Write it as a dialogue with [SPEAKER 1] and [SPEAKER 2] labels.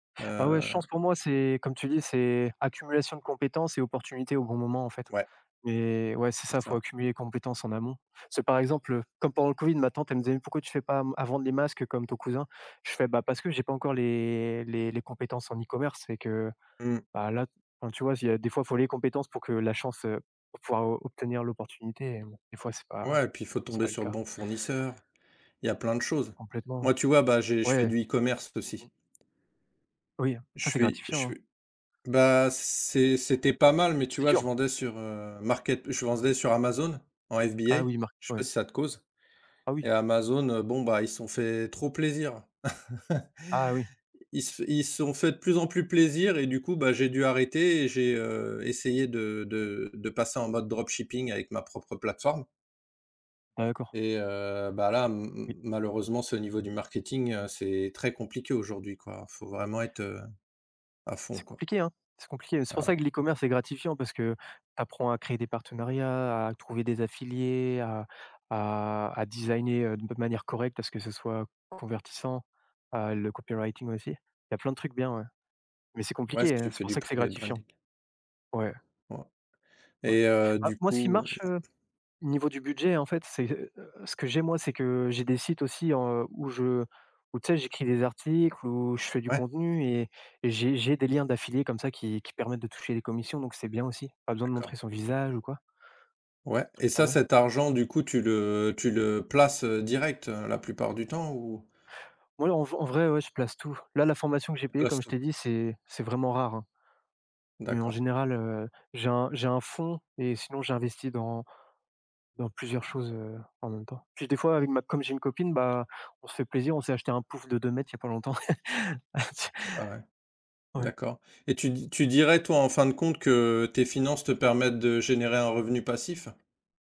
[SPEAKER 1] Ah ouais, je
[SPEAKER 2] Heu
[SPEAKER 1] pense pour moi, c'est comme tu dis, c'est accumulation de compétences et opportunités au bon moment, en fait.
[SPEAKER 2] Ouais.
[SPEAKER 1] Mais ouais, c'est ça,
[SPEAKER 2] C'est
[SPEAKER 1] il faut
[SPEAKER 2] ça.
[SPEAKER 1] accumuler les compétences en amont. C'est par exemple, heu, comme pendant le COVID, ma tante, elle me disait: «Pourquoi tu fais pas à m à vendre les masques comme ton cousin?» Je fais: «Ben parce que j'ai pas encore les les les compétences en e-commerce» et que
[SPEAKER 2] Mmh.
[SPEAKER 1] bah là, enfin tu vois, s'il y a, des fois il faut les compétences pour que la chance, heu pour pouvoir obtenir l'opportunité et des fois c'est pas
[SPEAKER 2] Ouais et puis il faut
[SPEAKER 1] c'est
[SPEAKER 2] tomber
[SPEAKER 1] pas le
[SPEAKER 2] sur le
[SPEAKER 1] cas.
[SPEAKER 2] bon fournisseur. Il y a plein de choses.
[SPEAKER 1] Complètement,
[SPEAKER 2] Moi, tu vois, bah, j'ai je fais
[SPEAKER 1] ouais.
[SPEAKER 2] du e-commerce
[SPEAKER 1] Mmh mh.
[SPEAKER 2] aussi.
[SPEAKER 1] Oui, hein, ça,
[SPEAKER 2] Je
[SPEAKER 1] c'est
[SPEAKER 2] fuis
[SPEAKER 1] gratifiant
[SPEAKER 2] che
[SPEAKER 1] hein?
[SPEAKER 2] ben c'est c'était pas mal, mais tu
[SPEAKER 1] C'est
[SPEAKER 2] vois, je
[SPEAKER 1] dur.
[SPEAKER 2] vendais sur, heu, market je vendais sur Amazon en FBA.
[SPEAKER 1] Ah oui, mark
[SPEAKER 2] Je sais pas
[SPEAKER 1] ouais.
[SPEAKER 2] si ça te cause?
[SPEAKER 1] Ah
[SPEAKER 2] Et
[SPEAKER 1] oui.
[SPEAKER 2] Amazon, heu, bon bah, ils se sont fait trop plaisir.
[SPEAKER 1] Ah oui.
[SPEAKER 2] Ils se f ils se sont fait de plus en plus plaisir et du coup, bah j'ai dû arrêter et j'ai, heu, essayé de de de passer en mode dropshipping avec ma propre plateforme
[SPEAKER 1] D'accord.
[SPEAKER 2] et heu, bah là, ma
[SPEAKER 1] Oui.
[SPEAKER 2] malheureusement ce niveau du marketing, heu, c'est très compliqué aujourd'hui quoi. Faut vraiment être, heu, à fond
[SPEAKER 1] C'est
[SPEAKER 2] quoi.
[SPEAKER 1] compliqué, hein? C'est compliqué. C'est pour
[SPEAKER 2] Ah ouais.
[SPEAKER 1] ça que l'e-commerce est gratifiant, parce que tu apprends à créer des partenariats, à trouver des affiliés, à à à designer, heu, de manière correcte à ce que ce soit convertissant à le copywriting aussi. Il y a plein de trucs, bien ouais. Mais c'est
[SPEAKER 2] Ouais, si
[SPEAKER 1] compliqué hein.
[SPEAKER 2] tu
[SPEAKER 1] C'est
[SPEAKER 2] fais
[SPEAKER 1] pour
[SPEAKER 2] du
[SPEAKER 1] ça que c'est
[SPEAKER 2] private
[SPEAKER 1] gratifiant.
[SPEAKER 2] branding.
[SPEAKER 1] Ouais.
[SPEAKER 2] Ouais.
[SPEAKER 1] Ouais.
[SPEAKER 2] Et heu,
[SPEAKER 1] Bah
[SPEAKER 2] du
[SPEAKER 1] moi ce qui
[SPEAKER 2] coup, heu
[SPEAKER 1] marche, heu, au niveau du budget, en fait, c'est, heu, ce que j'ai moi, c'est que, heu, j'ai des sites aussi, heu, où je où tu sais, j'écris des articles où je fais du
[SPEAKER 2] Ouais.
[SPEAKER 1] contenu et et j'ai j'ai des liens d'affiliés comme ça qui qui permettent de toucher les commissions, donc c'est bien aussi. Pas besoin de
[SPEAKER 2] D'accord.
[SPEAKER 1] montrer son visage ou quoi
[SPEAKER 2] Ouais
[SPEAKER 1] petit
[SPEAKER 2] et
[SPEAKER 1] truc pas
[SPEAKER 2] ça,
[SPEAKER 1] mal.
[SPEAKER 2] cet argent du coup, tu le tu le places, heu, direct la plupart du temps, ou
[SPEAKER 1] Oui en v en vrai, ouais je place tout. Là la formation que j'ai
[SPEAKER 2] Tu
[SPEAKER 1] payé,
[SPEAKER 2] places
[SPEAKER 1] comme je
[SPEAKER 2] tout?
[SPEAKER 1] t'ai dit, c'est c'est vraiment rare, hein. Mais en
[SPEAKER 2] D'accord.
[SPEAKER 1] général, heu, j'ai un j'ai un fonds et sinon j'ai investi dans dans plusieurs choses, heu, en même temps. Puis des fois avec ma comme j'ai une copine, bah, on se fait plaisir, on s'est acheté un pouf de 2 m il y a pas longtemps.
[SPEAKER 2] Ah ouais.
[SPEAKER 1] Tu ouais.
[SPEAKER 2] D'accord. Et tu d tu dirais toi en fin de compte que, tes finances te permettent de générer un revenu passif?